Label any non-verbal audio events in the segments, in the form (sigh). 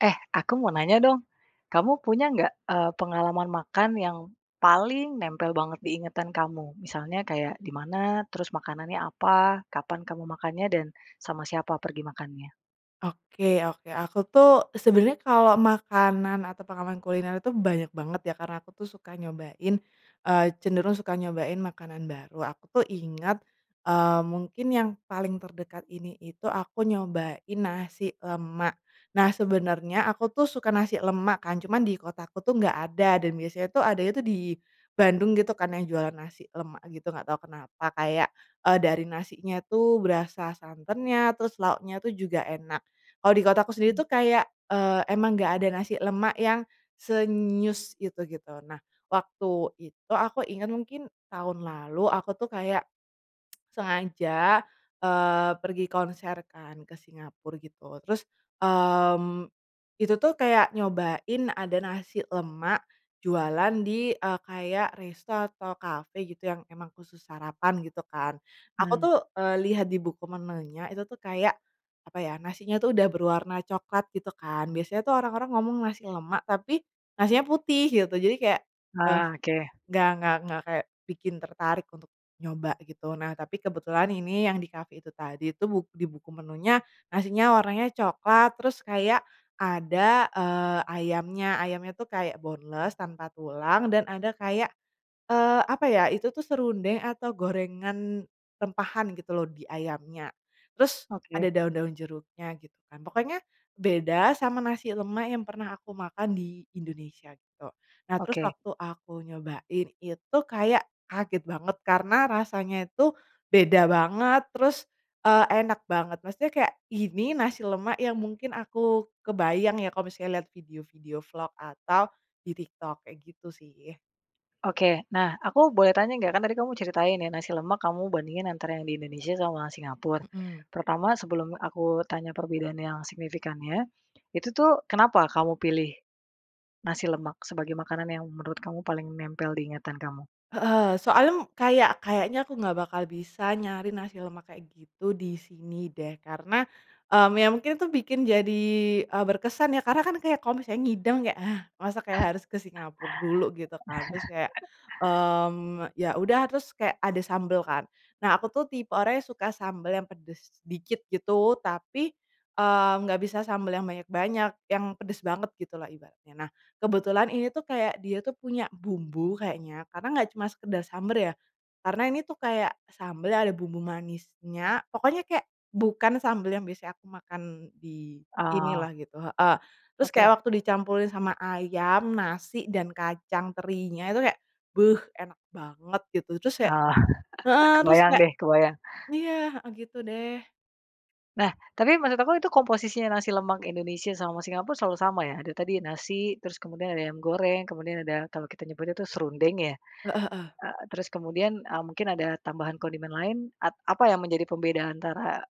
Eh, aku mau nanya dong, kamu punya nggak, eee, pengalaman makan yang, paling nempel banget di ingatan kamu? Misalnya kayak di mana terus makanannya apa kapan kamu makannya dan, sama siapa pergi makannya? Oke oke aku tuh sebenernya kalau makanan atau pengalaman kuliner itu banyak banget ya karena aku tuh suka nyobain, eee, cenderung suka nyobain makanan baru aku tuh ingat, eee mungkin yang paling terdekat ini itu aku nyobain nasi lemak, nah sebenernya aku tuh suka nasi lemak kan cuman di kota aku tuh gak ada dan biasanya tuh adanya tuh di, Bandung gitu kan yang jualan nasi lemak gitu gak tau kenapa kayak, eee dari nasinya tuh berasa santannya terus lauknya tuh juga enak, kalau di kotaku sendiri Mmm. tuh kayak, eee, emang gak ada nasi lemak yang, se nyus itu gitu nah waktu itu aku inget mungkin tahun lalu aku tuh kayak, sengaja, eee, pergi konser kan ke Singapura gitu terus, mmm, itu tuh kayak nyobain ada nasi lemak jualan di, eee, kayak resto atau cafe gitu yang emang khusus sarapan gitu kan, aku Mmm. tuh, eee, lihat di buku menunya itu tuh kayak apa ya nasinya tuh udah berwarna coklat gitu kan biasanya tuh orang-orang ngomong nasi lemak tapi, nasinya putih gitu jadi kayak, eee, Ah, oke. nggak nggak nggak kayak bikin tertarik untuk nyoba gitu nah tapi kebetulan ini yang di cafe itu tadi itu buk di buku menunya nasinya warnanya coklat terus kayak ada, eee, ayamnya ayamnya tuh kayak boneless tanpa tulang dan ada kayak, eee, apa ya itu tuh serundeng atau gorengan, rempahan gitu loh di ayamnya, terus ada Oke. daun-daun jeruknya gitu kan pokoknya, beda sama nasi lemak yang pernah aku makan di Indonesia gitu nah terus Oke. waktu aku nyobain itu kayak kaget banget karena rasanya itu, beda banget, terus, eee, enak banget, maksudnya kayak ini nasi lemak yang mungkin aku kebayang ya kalo misalnya liat video-video vlog atau, di TikTok kayak gitu sih. Oke nah aku boleh tanya gak? Kan tadi kamu ceritain ya nasi lemak kamu bandingin antara yang di Indonesia sama Singapura, Mhm. pertama sebelum aku tanya perbedaan yang signifikannya, itu tuh kenapa kamu pilih, nasi lemak sebagai makanan yang menurut kamu paling nempel di ingatan kamu? Heeh, soalnya kayak kayaknya aku nggak bakal bisa nyari nasi lemak kayak gitu di sini deh karena, mmm, ya mungkin itu bikin jadi, eee, berkesan ya karena kan kayak kalau misalnya ngideng kayak, hah, masa kayak harus ke Singapura dulu gitu kan terus kayak, (chuckles) mmm, me ya udah terus kayak ada sambel kan, nah aku tuh tipe orang yang suka sambel yang pedes dikit gitu tapi, eee, nggak bisa sambel yang banyak-banyak yang pedes banget gitulah ibaratnya nah kebetulan ini tuh kayak dia tuh punya bumbu kayaknya karena nggak cuma sekedar sambel ya, karena ini tuh kayak sambel yang ada bumbu manisnya pokoknya kayak bukan sambel yang biasanya aku makan di Oh. sinilah gitu, heeh, terus kayak Oke. waktu dicampurin sama ayam, nasi, dan kacang terinya itu kayak beh enak banget gitu terus kayak, Oh (chuckles) heeh, terus kebayang kayak, deh kebayang. iya, heeh, gitu deh. Nah tapi menurut aku itu komposisinya nasi lemak Indonesia sama Singapura selalu sama ya ada tadi nasi terus kemudian ada ayam goreng kemudian ada kalau kita nyebutnya itu serundeng ya? Heeh heeh. Eee, terus kemudian, eee, mungkin ada tambahan kondimen lain at apa yang menjadi pembedaan antara,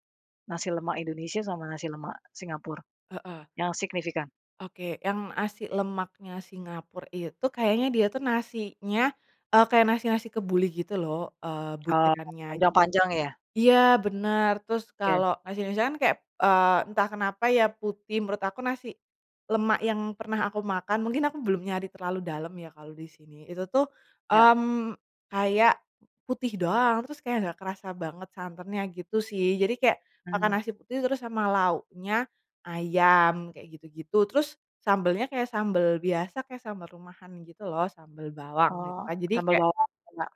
nasi lemak Indonesia sama nasi lemak Singapura, Heeh. yang signifikan? Oke yang nasi lemaknya Singapura itu kayaknya dia tuh nasinya, eee, kayak nasi-nasi kebuli gitu loh, eee, Oh butirannya jadi, panjang-panjang ya? iya bener terus Oke. kalo nasi-nasi kan kayak, eee, entah kenapa ya putih menurut aku nasi, lemak yang pernah aku makan mungkin aku belum nyari terlalu dalam ya kalo disini itu tuh, Iya. mmm, kayak, putih doang terus kayak gak kerasa banget santannya gitu sih jadi kayak, makan Mmm. nasi putih terus sama lauknya, ayam kayak gitu-gitu terus sambelnya kayak sambel biasa kayak sambel rumahan gitu loh sambel bawang gitu Oh kan jadi sambel kayak. bawang enak.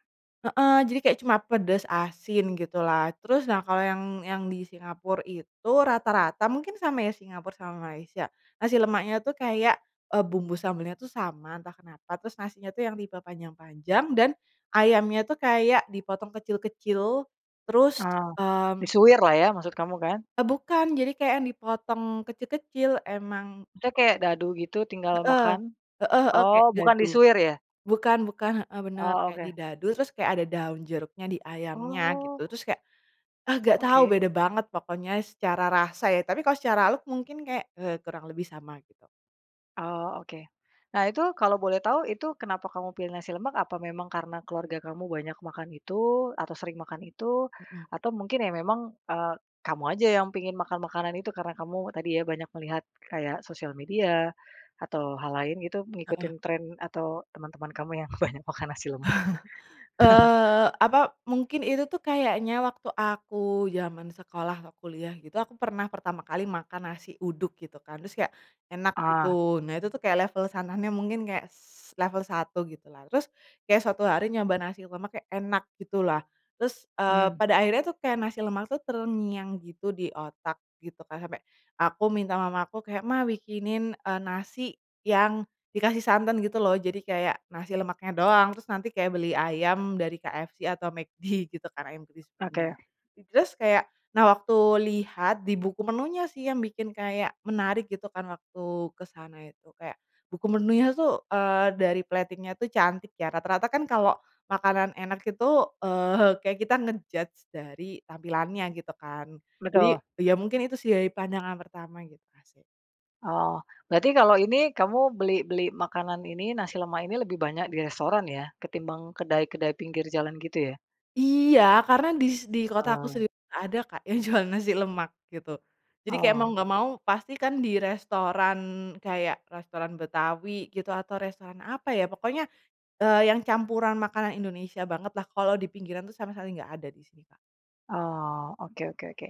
Heeh, jadi kayak cuma pedas asin gitulah terus nah kalo yang yang di Singapura itu rata-rata mungkin sama ya Singapura sama Malaysia, nasi lemaknya tuh kayak, eee, bumbu sambalnya tuh sama entah kenapa terus nasinya tuh yang tipe panjang-panjang dan, ayamnya tuh kayak dipotong kecil-kecil, terus, Oh, mmm. disuwirlah ya maksud kamu kan? Eee, bukan jadi kayak yang dipotong kecil-kecil emang. Maksudnya kayak dadu gitu tinggal Heeh, makan, heeh heeh, oh kayak bukan dadu, disuwir ya? bukan bukan, heeh, bener Oh kayak oke. didadu terus kayak ada daun jeruknya di ayamnya gitu Oh. terus kayak, ah, gak tau Oke. beda banget pokoknya secara rasa ya tapi kalo secara look mungkin kayak, eee, kurang lebih sama gitu. Oh oke, nah itu kalau boleh tahu itu kenapa kamu pilih nasi lemak? Apa memang karena keluarga kamu banyak makan itu atau sering makan itu, Mhm. atau mungkin ya memang, eee, kamu aja yang pingin makan makanan itu? Karena kamu tadi ya banyak melihat kayak sosial media, atau hal lain gitu Heeh. ngikutin tren atau teman-teman kamu yang banyak makan nasi lemak. (chuckles) (chuckles) Eee, apa mungkin itu tuh kayaknya waktu aku zaman sekolah atau kuliah gitu aku pernah pertama kali makan nasi uduk gitu kan terus kayak, enak Oh. gitu nah itu tuh kayak level sananya mungkin kayak s level 1 gitulah terus, kayak suatu hari nyoba nasi lemak kayak enak gitulah, terus, eee, Mmm. pada akhirnya tuh kayak nasi lemak tuh terngiang gitu di otak gitu kan sampe, aku minta mama aku kayak, "Ma bikinin," eee, "nasi yang dikasih santan" gitu loh jadi kayak nasi lemaknya doang terus nanti kayak beli ayam dari KFC atau McD gitu kan ayam krispinya, Oke. terus kayak nah waktu lihat di buku menunya sih yang bikin kayak menarik gitu kan waktu kesana itu kayak, buku menunya tuh, eee, dari plating-nya tuh cantik ya rata-rata kan kalo makanan enak itu, eee, kayak kita nge-judge dari tampilannya gitu kan, jadi Betul. ya mungkin itu sih dari pandangan pertama gitu asik. Oh, berarti kalau ini kamu beli beli makanan ini nasi lemak ini lebih banyak di restoran ya ketimbang kedai-kedai pinggir jalan gitu ya? Iya karena dis di kota aku Oh. sendiri gak ada Kak yang jual nasi lemak gitu, jadi kayak mau Oh. gak mau pasti kan di restoran kayak restoran Betawi gitu atau restoran apa ya pokoknya, eee, yang campuran makanan Indonesia bangetlah kalau di pinggiran tuh sama sekali gak ada disini, Kak. Oh oke oke oke,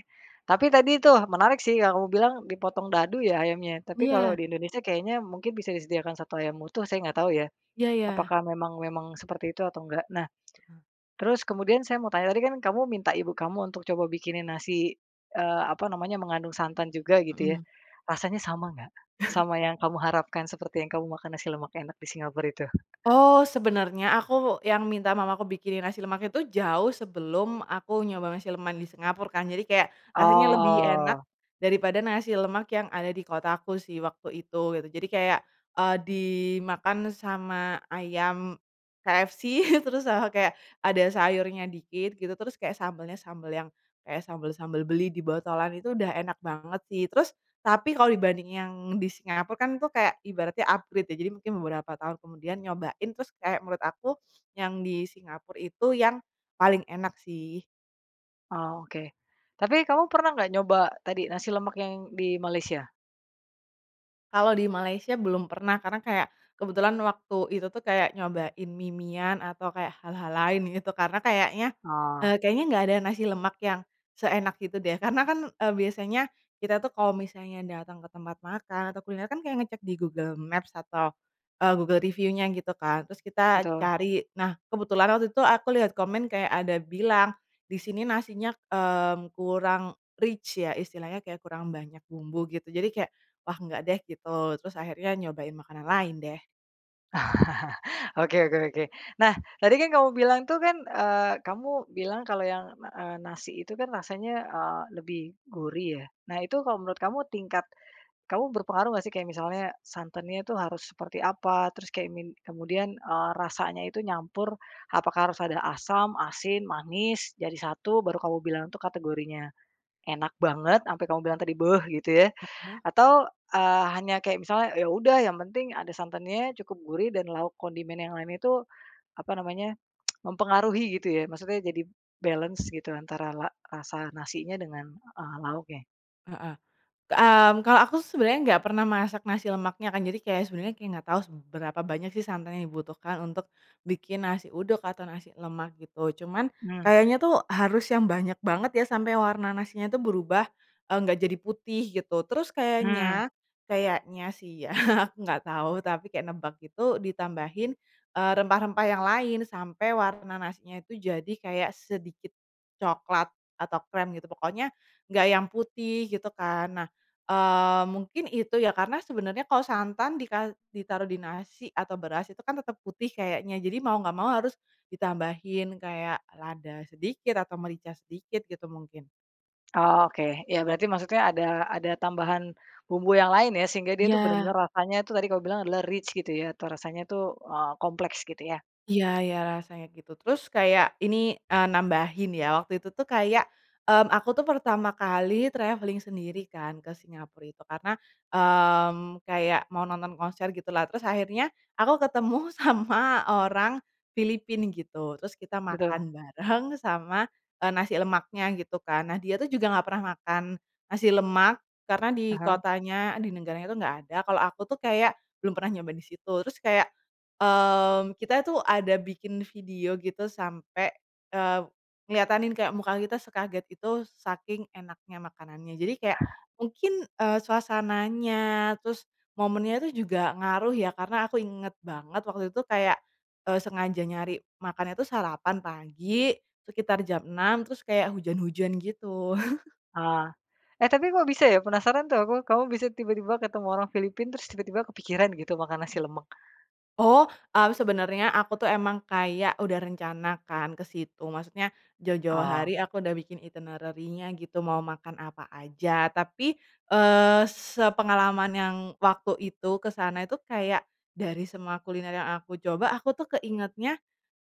tapi tadi tuh menarik sih yang kamu bilang dipotong dadu ya ayamnya? Tapi kalau Iya. di Indonesia kayaknya mungkin bisa disediakan 1 ayam utuh saya nggak tahu ya, Iya ya. apakah memang memang seperti itu atau nggak nah, Mmm. terus kemudian saya mau tanya tadi kan kamu minta ibu kamu untuk coba bikinin nasi, eee, apa namanya mengandung santan juga gitu ya, Mhm. rasanya sama nggak? (chuckles) Sama yang kamu harapkan seperti yang kamu makan nasi lemak enak di Singapura itu? Oh sebenernya aku yang minta mamaku bikinin nasi lemak itu jauh sebelum aku nyoba nasi lemak yang di Singapura kan jadi kayak rasanya lebih enak, Oh. daripada nasi lemak yang ada di kotaku sih waktu itu gitu jadi kayak, eee, dimakan sama ayam, KFC terus sama kayak ada sayurnya dikit gitu terus kayak sambelnya-sambel yang, kayak sambal-sambal beli di botolan itu udah enak banget sih terus tapi kalo dibanding yang di Singapura kan itu kayak ibaratnya upgrade ya jadi mungkin beberapa tahun kemudian nyobain terus kayak menurut aku, yang di Singapura itu yang, paling enak sih. Oh oke, tapi kamu pernah nggak nyoba tadi nasi lemak yang di Malaysia? Kalau di Malaysia belum pernah karena kayak, kebetulan waktu itu tuh kayak nyobain mie-miean atau kayak hal-hal lain gitu karena kayaknya, Oh. eee, kayaknya gak ada nasi lemak yang, seenak itu deh karena kan, eee, biasanya, kita tuh kalau misalnya datang ke tempat makan atau kuliner kan kayak ngecek di Google Maps atau, eee, Google review-nya gitu kan terus kita Betul. cari nah kebetulan waktu itu aku lihat komen kayak ada bilang, disini nasinya, mmm, kurang rich ya istilahnya kayak kurang banyak bumbu gitu jadi kayak, wah nggak deh gitu terus akhirnya nyobain makanan lain deh. (chuckles) Oke oke oke nah tadi kan kamu bilang tuh kan, eee, kamu bilang kalo yang, na eee, nasi itu kan rasanya, eee, lebih gurih ya nah itu kalo menurut kamu tingkat, kamu berpengaruh nggak sih? Kayak misalnya santannya itu harus seperti apa terus kayak min kemudian, eee, rasanya itu nyampur, apakah harus ada asam, asin, manis, jadi 1 baru kamu bilang tuh kategorinya, enak banget ampe kamu bilang tadi beh gitu ya, Heeh. atau, eee, hanya kayak misalnya ya udah yang penting ada santannya cukup gurih dan lauk kondimen yang lain itu, apa namanya, (tsk) mempengaruhi gitu ya maksudnya jadi balance gitu antara la rasa nasinya dengan, eee, lauknya. Heeh, k mmm, kalau aku sebenarnya nggak pernah masak nasi lemaknya kan jadi kayak sebenarnya kayak nggak tau seberapa banyak sih santan yang dibutuhkan untuk, bikin nasi uduk atau nasi lemak gitu cuman, Mmm. kayaknya tuh harus yang banyak banget ya sampai warna nasinya itu berubah, eee, gak jadi putih gitu terus Mmm. kayaknya kayaknya sih ya aku gak tau tapi kayak nebak gitu ditambahin, eee, rempah-rempah yang lain sampai warna nasinya itu jadi kayak sedikit, coklat atau krem gitu pokoknya, gak yang putih gitu kan nah, eee, mungkin itu ya karena sebenernya kalo santan dika ditaruh di nasi atau beras itu kan tetap putih kayaknya jadi mau gak mau harus, ditambahin kayak lada sedikit atau merica sedikit gitu mungkin. Oh oke ya berarti maksudnya ada ada tambahan, bumbu yang lain ya sehingga dia tuh bener-bener Iya. rasanya itu tadi kau bilang adalah rich gitu ya atau rasanya tuh, eee, kompleks gitu ya. Iya iya rasanya gitu terus kayak ini, eee, nambahin ya waktu itu tuh kayak, mmm, aku tuh pertama kali travelling sendiri kan ke Singapura itu karena, mmm, kayak mau nonton konser gitulah terus akhirnya aku ketemu sama orang, Filipina gitu terus kita Betul. makan bareng sama, eee, nasi lemaknya gitu kan nah dia tuh juga nggak pernah makan, nasi lemak karena di Heeh. kotanya di negaranya tuh nggak ada kalau aku tuh kayak belum pernah nyoba disitu terus kayak, mmm, kita itu ada bikin video gitu sampe, eee, ngeliatanin kayak muka kita sekaget gitu saking enaknya makanannya jadi kayak, mungkin, eee, suasananya terus momennya itu juga ngaruh ya karena aku inget banget waktu itu kayak, eee, sengaja nyari makannya tuh sarapan pagi, sekitar jam 6.00 terus kayak hujan-hujan gitu. (chuckles) Oh, eh, tapi kok bisa ya? Penasaran tuh aku kamu bisa tiba-tiba ketemu orang Filipina terus tiba-tiba kepikiran gitu makan nasi lemak. Oh, eee, sebenernya aku tuh emang kayak udah rencana kan kesitu maksudnya, jauh-jauh Oh. hari aku udah bikin itinerarinya gitu mau makan apa aja tapi, eee, sepengalaman yang waktu itu kesana itu kayak, dari semua kuliner yang aku coba aku tuh keingetnya,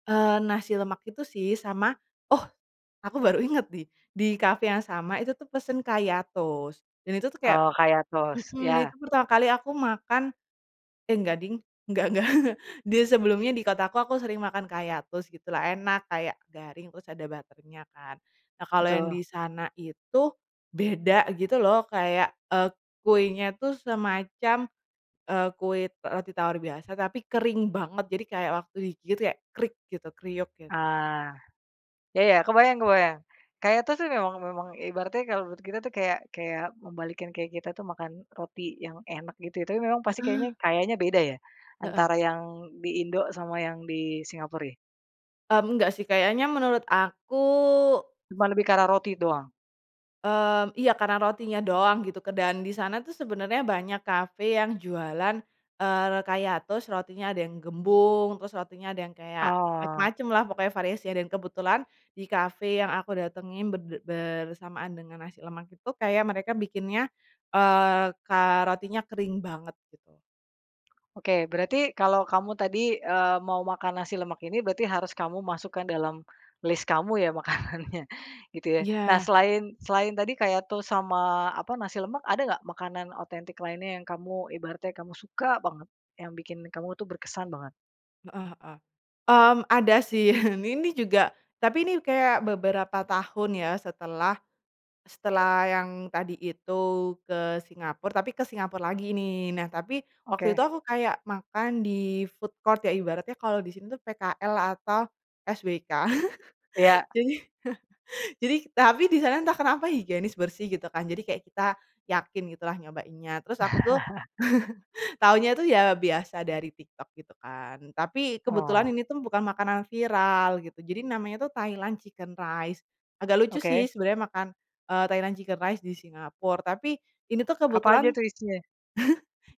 eee, nasi lemak itu sih sama, oh, aku baru ingat nih di cafe yang sama itu tuh pesen kayak toast dan itu tuh kayak, Oh kayak toast mhm, itu iya. pertama kali aku makan, eh, nggak ding nggak nggak (chuckles) dia sebelumnya di kotaku aku sering makan kayak toast gitulah enak kayak garing terus ada butter-nya kan, nah kalo yang Betul. disana itu, beda gitu loh kayak, eee, kuenya tuh semacam, eee, kue roti tawar biasa tapi kering banget jadi kayak waktu digigit kayak krik gitu kriuk gitu. Ah, ya ya kebayang kebayang, kayak toast tuh memang memang ibaratnya kalau menurut kita tuh kayak kayak membalikkan kayak kita tuh makan roti yang enak gitu ya tapi memang pasti kayaknya Heeh. kayaknya beda ya, Heeh. antara yang di Indo sama yang di Singapura ya? Mmm, enggak sih kayaknya menurut aku Cuman lebih ke arah roti doang? Mmm, iya karena rotinya doang gitu ke dan disana tuh sebenernya banyak cafe yang jualan, eee, re kayak toast rotinya ada yang gembung terus rotinya ada yang kayak, Oh. macem-macemlah pokoknya variasinya dan kebetulan, di cafe yang aku datengin berde bersamaan dengan nasi lemak itu kayak mereka bikinnya, eee, ka rotinya kering banget gitu. Oke berarti kalau kamu tadi, eee, mau makan nasi lemak ini berarti harus kamu masukkan dalam, list kamu ya makanannya gitu ya nah Iya. selain selain tadi kayak toast sama apa nasi lemak ada nggak makanan otentik lainnya yang kamu ibaratnya kamu suka banget? Yang bikin kamu tuh berkesan banget? Heeh heeh, mmm, ada sih (chuckles) ini juga, tapi ini kayak beberapa tahun ya setelah, setelah yang tadi itu ke Singapura tapi ke Singapura lagi nih nah tapi waktu itu Oke. aku kayak makan di-food court ya ibaratnya kalo disini tuh PKL atau, SBK (chuckles) Iya. jadi, (chuckles) jadi tapi disana entah kenapa higienis bersih gitu kan jadi kayak kita, yakin gitulah nyobainnya terus aku tuh, (chuckles) (chuckles) taunya tuh ya biasa dari TikTok gitu kan tapi kebetulan Oh. ini tuh bukan makanan viral gitu jadi namanya tuh Thailand chicken rice, agak lucu Oke. sih sebenernya makan, eee, Thailand chicken rice di Singapura tapi, ini tuh Apa aja kebetulan, (chuckles) tuh isinya?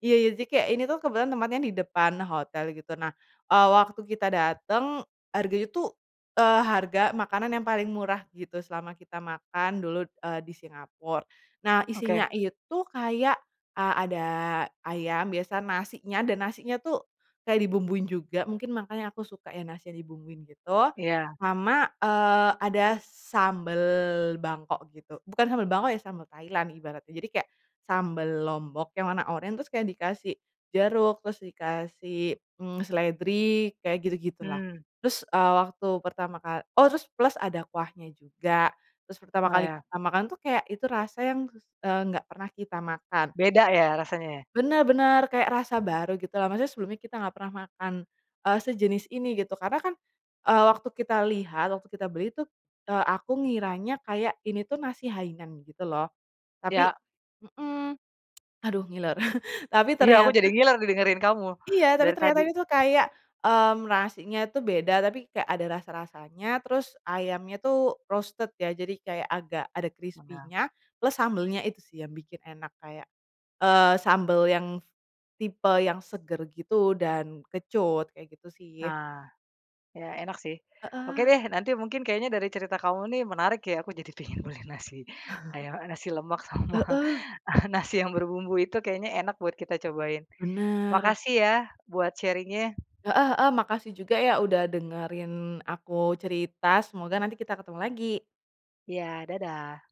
iya iya jadi kayak ini tuh kebetulan tempatnya di depan hotel gitu nah, eee, waktu kita datang harganya tuh, eee, harga makanan yang paling murah gitu selama kita makan dulu, eee, di Singapura, nah isinya Oke. itu kayak, a ada ayam biasa nasinya dan nasinya tuh, kayak dibumbuin juga mungkin makanya aku suka ya nasinya dibumbuin gitu, Iya. sama, eee, ada sambel Bangkok gitu bukan sambel Bangkok ya sambel Thailand ibaratnya jadi kayak, sambel Lombok yang warna orange terus kayak dikasih jeruk terus dikasih, mmm, seledri kayak gitu-gitulah, Mmm. terus, eee, waktu pertama kal oh terus plus ada kuahnya juga, terus pertama Oh kali ya. kita makan tuh kayak itu rasa yang kus eee, gak pernah kita makan. Beda ya rasanya ya? Bener bener kayak rasa baru gitu loh maksudnya sebelumnya kita gak pernah makan, eee, sejenis ini gitu karena kan, eee, waktu kita lihat waktu kita beli tuh, eee, aku ngiranya kayak ini tuh nasi hainan gitu loh, tapi, Iya. mhm, aduh ngiler (chuckles) tapi Iya aku ternyata jadi ngiler nih dengerin kamu, Iya tapi dari tadi. ternyata ini tuh kayak, mmm, nasinya tuh beda tapi kayak ada rasa-rasanya terus ayamnya tuh roasted ya jadi kayak agak ada Megang. krispinya, plus sambelnya itu sih yang bikin enak kayak, eee, sambel yang, tipe yang seger gitu dan kecut kayak gitu sih. Ah, ya enak sih, oke Heeh. deh nanti mungkin kayaknya dari cerita kamu nih menarik ya aku jadi pengen beli nasi (chuckles) ayam, eee, nasi lemak sama Heeh. nasi yang berbumbu itu kayaknya enak buat kita cobain, Bener. makasih ya buat sharing-nya. Heeh heeh, makasih juga ya udah dengerin aku cerita semoga nanti kita ketemu lagi. Iya dadah.